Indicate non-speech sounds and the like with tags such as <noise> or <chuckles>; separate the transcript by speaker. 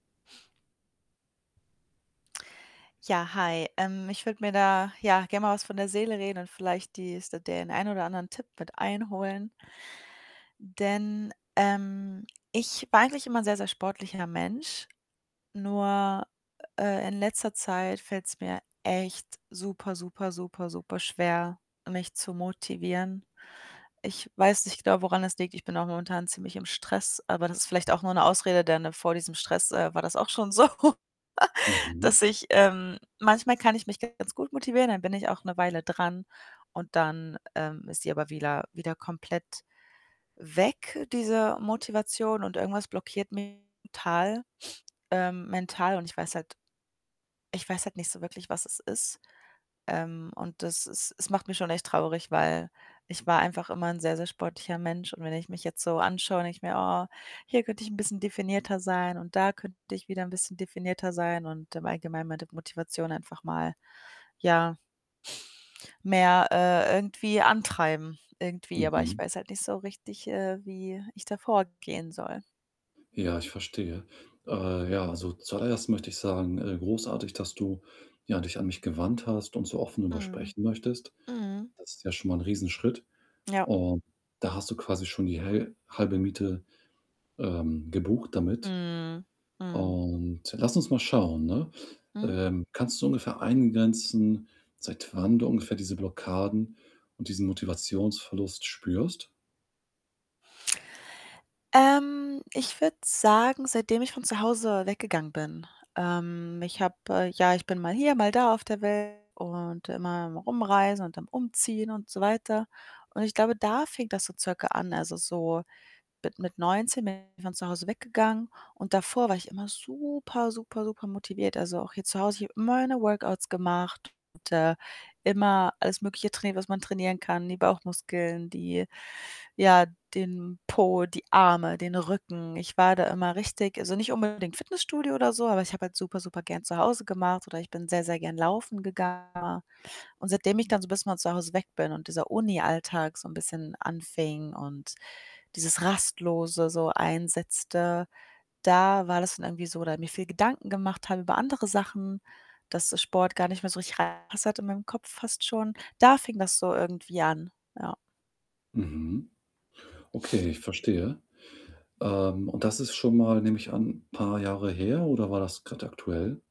Speaker 1: Ja, hi. Ähm, ich würde mir da, ja, gerne mal was von der Seele reden und vielleicht die s den ein oder anderen Tipp mit einholen denn, ähm, ich war eigentlich immer ein sehr, sehr sportlicher Mensch. Nur, äh, in letzter Zeit fällt's mir echt super super super superschwer, mich zu motivieren. Ich weiß nicht genau, woran das liegt. Ich bin auch momentan ziemlich im Stress, aber das ist vielleicht auch nur 'ne Ausrede, denn, ne, vor diesem Stress, äh, war das auch schon so, <chuckles>
Speaker 2: Mhm.
Speaker 1: dass ich ähm, manchmal kann ich mich ganz gut motivieren, dann bin ich auch 'ne Weile dran und dann, ähm, ist sie aber wieder wieder komplett weg, diese Motivation und irgendwas blockiert mich total, ähm, mental und ich weiß halt ich weiß halt nicht so wirklich, was es ist. Ähm, und das ist es macht mich schon echt traurig, weil ich war einfach immer 'n sehr, sehr sportlicher Mensch und wenn ich mich jetzt so anschaue, denke ich mir: „Oh, hier könnte ich 'n bisschen definierter sein und da könnte ich wieder 'n bisschen definierter sein“, und im Allgemeinen meine Motivation einfach mal, ja mehr, äh, irgendwie antreiben irgendwie. Aber ich
Speaker 2: Mhm.
Speaker 1: weiß halt nicht so richtig, äh, wie ich da vorgehen soll.
Speaker 2: Ja, ich verstehe. Äh, ja, also, zuallererst möchte ich sagen, äh, großartig, dass du, ja, dich an mich gewandt hast und so offen darüber
Speaker 1: Mhm.
Speaker 2: sprechen möchtest.
Speaker 1: Mhm.
Speaker 2: Das ist ja schon mal 'n Riesenschritt
Speaker 1: Ja.
Speaker 2: und da hast du quasi schon die häl halbe Miete, ähm, gebucht damit
Speaker 1: Mhm. Mhm.
Speaker 2: und lass uns mal schauen, ne?
Speaker 1: Mhm.
Speaker 2: Ähm, kannst du ungefähr eingrenzen, seit wann du ungefähr diese Blockaden und diesen Motivationsverlust spürst?
Speaker 1: Ähm, ich würde sagen, seitdem ich von zu Hause weggegangen bin. Ähm, ich habe ja, ich bin mal hier, mal da auf der Welt und immer am Rumreisen und dann am Umziehen und so weiter und ich glaube, da fing das so circa an. Also, so bi mit 19 bin ich von zu Hause weggegangen und davor war ich immer super super supermotiviert. Also, auch hier zu Hause, ich habe immer meine Workouts gemacht, und, äh, immer alles Mögliche trainiert, was man trainieren kann, die Bauchmuskeln, die ja, den Po, die Arme, den Rücken. Ich war da immer richtig also, nicht unbedingt Fitnessstudio oder so, aber ich habe halt super supergern zu Hause gemacht oder ich bin sehr, sehr gern laufen gegangen. Und seitdem ich dann so bisschen von zu Hause weg bin und dieser Unialltag so 'n bisschen anfing und dieses Rastlose so einsetzte, da war das dann irgendwie so oder mir viel Gedanken gemacht habe über andere Sachen, dass der Sport gar nicht mehr so richtig reingepasst hat in meinem Kopf fast schon. Da fing das so irgendwie an, ja.
Speaker 2: Mhm. Okay, ich verstehe. Ähm, und das ist schon mal, nehme ich an, paar Jahre her oder war das grad aktuell?